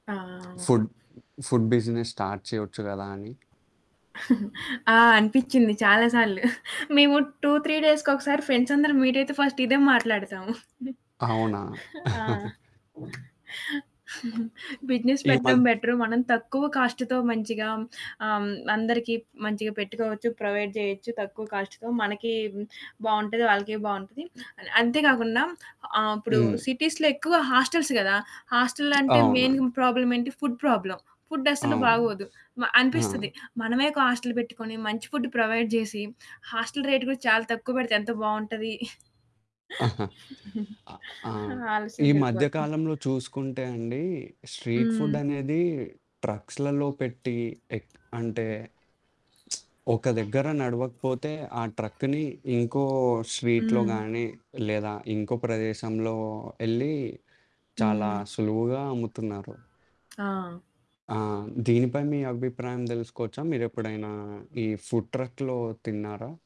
ఆ! Food food business start చేయొచ్చు గదా అని ఆ! అనిపిచ్చింది చాలా సార్లు. మేము 2, 3 డేస్‌కొకసారి ఫ్రెండ్సందరు మీట్ అయితే, ఫస్ట్ ఇదే మాట్లాడతాము. అవునా? ఆ! బిజినెస్ ఈ పెట్టడం మద్ బెటరు, మనం తక్కువ కాస్ట్‌తో మంచిగా హ్మ్, ఆహ్, హ్మ్, అందరికి ప్ మంచిగా పెట్టుకోవచ్చు, ప్రొవైడ్ చేయొచ్చు తక్కువ కాస్ట్‌తో మనకీ హ్మ్, బావుంటది ఆళ్ళకి బావుంటది. అంతే గాకుండా ఆహ్, ఇప్పుడు హ్మ్. సిటీస్‌లో ఎక్కువ హాస్టెల్స్ గదా! హాస్టల్లంటే మెయిన్ అవునా! ప్రాబ్లమ్ ఏంటి, ఫుడ్ ప్రాబ్లమ్. ఫుడ్ అస్సలు అవును. బాగోదు. మ ఆ! అనిపిస్తది. మనమే ఒక హాస్టల్ పెట్టుకొని మంచి ఫుడ్ ప్రొవైడ్ జేసి, హాస్టల్ రేట్ కూడా చాలా తక్కువ పెడితే ఎంత బావుంటది. అ ఆ! ఈ మధ్య ఆలోసనకెళ్ళిపోతాం. కాలంలో చూసుకుంటే అండి స్ట్రీట్ ఫుడ్ హ్మ్. అనేది ట్రక్స్‌లలో పెట్టి ఎక్ అంటే ఒక దగ్గర నడవకపోతే ఆ ట్రక్‌ని ఇంకో స్ట్రీట్‌లో హ్మ్. గాని లేదా ఇంకో ప్రదేశంలో యెళ్లి చాలా హ్మ్. సులువుగా అమ్ముతున్నారు. ఆ! ఆ! దీనిపై మీ అభిప్రాయం తెలుసుకోవచ్చా? మీరెప్పుడైనా ఈ ఫుడ్ ట్రక్‌లో తిన్నారా?